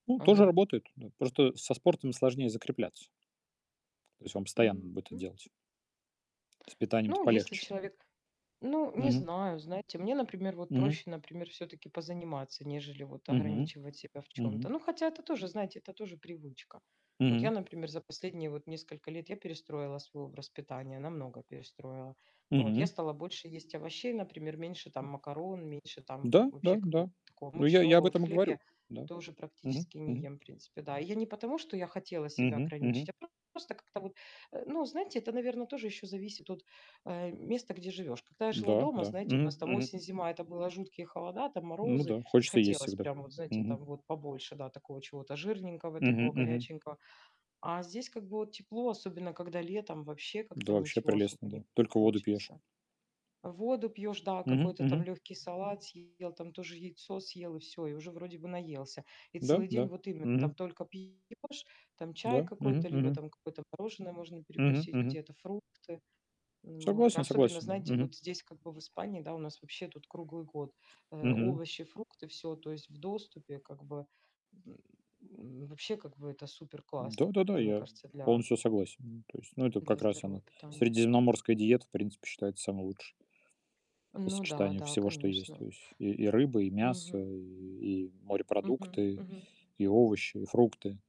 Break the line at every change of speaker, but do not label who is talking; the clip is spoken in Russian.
Ну тоже
Ага.
работает. Ну вот просто со спортом сложнее закрепляться. То есть вам постоянно
Мгм,
надо будет это
м.
делать. С питанием-то
Ну если
полегче.
человек Ну не
Мгм.
знаю. Знаете, мне, например, вот
Мгм.
проще, например, всё-таки позаниматься, нежели вот
Мгм
ограничивать себя в
мгм.
чём-то. Ну, хотя это тоже, знаете, это тоже привычка. Вот
Мгм.
я, например, за последние вот несколько лет я перестроила свой образ питания, намного перестроила. Вот я
Мгм.
стала больше есть овощей, например, меньше там
М.
макарон, меньше там вот
Да да
вообще
да.
какого-то такого
Ну я я об
мучного. Вот
этом и
хлеб
говорю.
я
Да.
тоже
Мгм
практически не
мгм.
ем, в принципе, да. И я не потому, что я хотела себя
Мгм
ограничить,
мгм.
а просто, просто как-то вот, э, ну знаете, это, наверно, тоже еще зависит от, э, места, где живешь. Когда я жила
Да
дома,
да.
знаете, у
Мгм
нас там
мгм.
осень-зима, это было жуткие холода, там
Ну
морозы,
да,
и
хочется есть
хотелось
всегда.
прям вот знаете,
Мгм.
там вот побольше, да, такого чего-то жирненького,
Мгм
такого
мгм.
горяченького. А здесь как бы вот тепло, особенно когда летом, вообще
Да
как-то
вообще
ничего особо
прелестно,
не
да. Только воду пьешь.
хочется. Воду пьешь, да,
Мгм
какой-то там
мгм.
легкий салат съел, там тоже яйцо съел и всё, и уже вроде бы наелся. И
Да
целый день
да.
вот именно
Мгм.
там только пьешь, там чай
Да. Мгм
какой-то, либо
мгм.
там какое-то мороженое можно
Мгм,
перекусить,
мгм.
где-то фрукты. Н, вот
Согласен
особенно,
согласен, да.
знаете,
Мгм.
вот здесь как бы в Испании, да, у нас вообще тут круглый год, э,
Мгм.
овощи, фрукты, всё, то есть в доступе как бы. М, вообще, как бы это супер-классно,
Да-да-да,
мне
я
кажется, для
полностью согласен. М, то есть, ну это
для
как раз
здорового
она-
питания.
средиземноморская диета, в принципе, считается самой лучшей по
Ну да,
сочетанию
да,
всего, что есть.
конечно.
То есть и и рыба, и мясо,
Мгм.
и и
Мгм
морепродукты,
мгм.
и овощи, и фрукты.